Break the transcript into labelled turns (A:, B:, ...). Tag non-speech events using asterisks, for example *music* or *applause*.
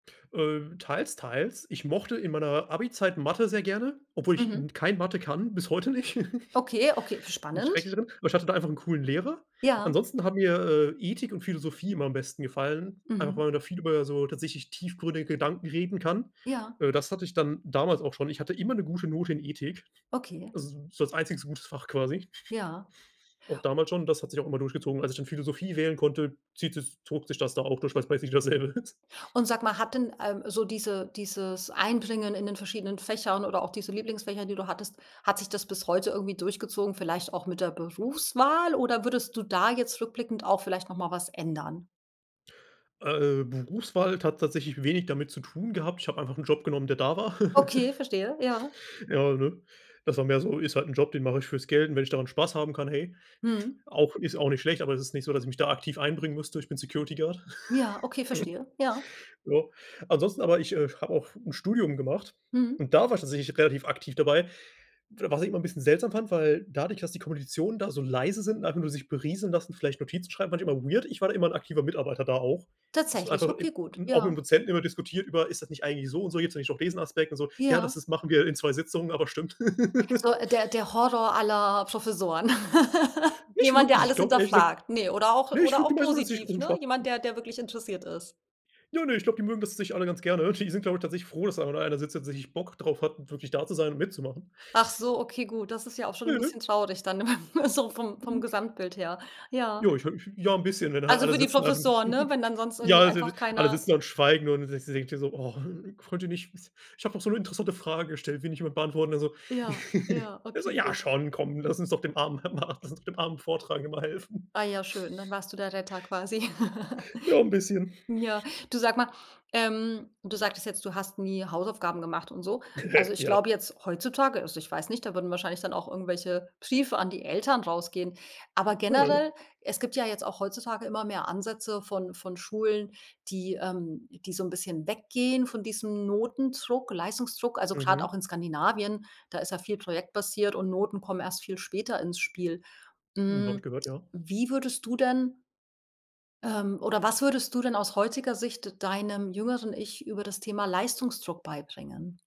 A: Äh, teils, teils. Ich mochte in meiner Abizeit Mathe sehr gerne, obwohl ich
B: Mhm.
A: n kein Mathe kann, bis heute nicht.
B: Okay, okay,
A: *giggles* Bin
B: spannend.
A: schrecklich drin. Aber ich hatte da einfach 'n coolen Lehrer.
B: Ja.
A: Ansonsten hat mir, äh, Ethik und Philosophie immer am besten gefallen, einfach
B: Mhm.
A: weil man da viel über so tatsächlich tiefgründige Gedanken reden kann.
B: Ja.
A: Äh, das hatte ich dann damals auch schon. Ich hatte immer 'ne gute Note in Ethik,
B: Okay.
A: also, so als einziges gutes Fach quasi.
B: Ja.
A: *snorts* Auch damals schon, das hat sich auch immer durchgezogen. Als ich dann Philosophie wählen konnte, zieht es zog sich das da auch durch, weil es praktisch dasselbe ist.
B: Und sage mal, hat denn, ähm, so diese dieses Einbringen in den verschiedenen Fächern oder auch diese Lieblingsfächer, die du hattest hat sich das bis heute irgendwie durchgezogen, vielleicht auch mit der Berufswahl? Oder würdest du da jetzt rückblickend auch vielleicht noch mal was ändern?
A: Äh, Berufswahl hat tatsächlich wenig damit zu tun gehabt. Ich habe einfach Job genommen, der da war. *laughs*
B: Okay, verstehe, ja.
A: Ja, ne? Das war mehr so ist halt Job, den mache ich fürs Geld und wenn ich daran Spaß haben kann, hey.
B: Mhm.
A: *snorts* auch ist auch nicht schlecht, aber es ist nicht so, dass ich mich da aktiv einbringen müsste. Ich bin Security Guard.
B: Ja, okay, verstehe, ja.
A: *laughs* Ja, ansonsten aber ich, äh, habe auch 'n Studium gemacht
B: Mhm.
A: und da war ich tatsächlich relativ aktiv dabei. W was ich immer bisschen seltsam fand, weil dadurch, dass die Kommilitonen da so leise sind und einfach nur sich berieseln lassen, vielleicht Notizen schreiben, manchmal weird. Ich war immer 'n aktiver Mitarbeiter da auch. Das
B: Tatsächlich,
A: einfach
B: okay,
A: im
B: gut,
A: auch mit dem
B: ja.
A: Dozenten immer diskutiert über: „Ist das nicht eigentlich so und so, jetzt nenne ich noch *unintelligible* Aspekt und so. Ja,
B: Ja.
A: das ist machen wir in 2 Sitzungen, aber stimmt.“ *laughs*
B: So, der der Horror aller Professoren. *laughs*
A: Nicht
B: Jemand, der
A: wirklich, ich
B: alles
A: glaube ehrlich gesagt
B: hinterfragt, ne, oder auch
A: ne, ich
B: oder auch positiv, ne?
A: *unintelligible*
B: Jemand, der der wirklich interessiert ist.
A: Ja, ne, ich glaube, die mögen das tatsächlich alle ganz gerne. Die sind, glaube ich, tatsächlich froh, dass einfach nur einer sitzt und tatsächlich Bock drauf hat, wirklich da zu sein und mitzumachen.
B: Ach so, okay gut, das ist ja auch schon 'n
A: Ne.
B: bisschen traurig dann *laughs* so vom vom Gesamtbild her. Ja.
A: Ja, ich habe mich ja, 'n bisschen, wenn halt
B: Also,
A: alle
B: für die
A: sitzen, einfach
B: Professoren,
A: *giggles*
B: wenn dann sonst
A: ja,
B: irgendwie einfach
A: *unintelligible* alle
B: keiner
A: sitzen und schweigen und du denkst dir denkt dir so: „Oh, könnt ihr nicht ich habe doch so 'ne interessante Frage gestellt, will nicht jemand beantworten?“, ne, so.
B: Ja,
A: *laughs*
B: ja,
A: Er so:
B: okay,
A: „Ja,
B: gut.
A: schon, komm, lass uns doch dem armen lass uns dem armen Vortragenden mal helfen.“
B: Ah ja schön, dann warst du der Retter quasi. *laughs*
A: Ja, 'n bisschen.
B: Ja,
A: *snorts*
B: du sage mal, ähm du sagtest jetzt, du hast nie Hausaufgaben gemacht und so
A: *laughs*
B: also, ich
A: Ja.
B: glaube jetzt heutzutage also, ich weiß nicht, da würden wahrscheinlich dann auch irgendwelche Briefe an die Eltern rausgehen. Aber generell es gibt ja jetzt auch heutzutage immer mehr Ansätze von von Schulen, die, ähm die so 'n bisschen weggehen von diesem Notendruck, Leistungsdruck. Also, gerade auch
A: Mhm.
B: in Skandinavien, da ist ja viel projektbasiert und Noten kommen erst viel später ins Spiel.
A: Hm, habe ich
B: Hm,
A: gehört, ja.
B: wie würdest du denn, ähm oder was würdest du denn aus heutiger Sicht deinem jüngeren Ich über das Thema Leistungsdruck beibringen?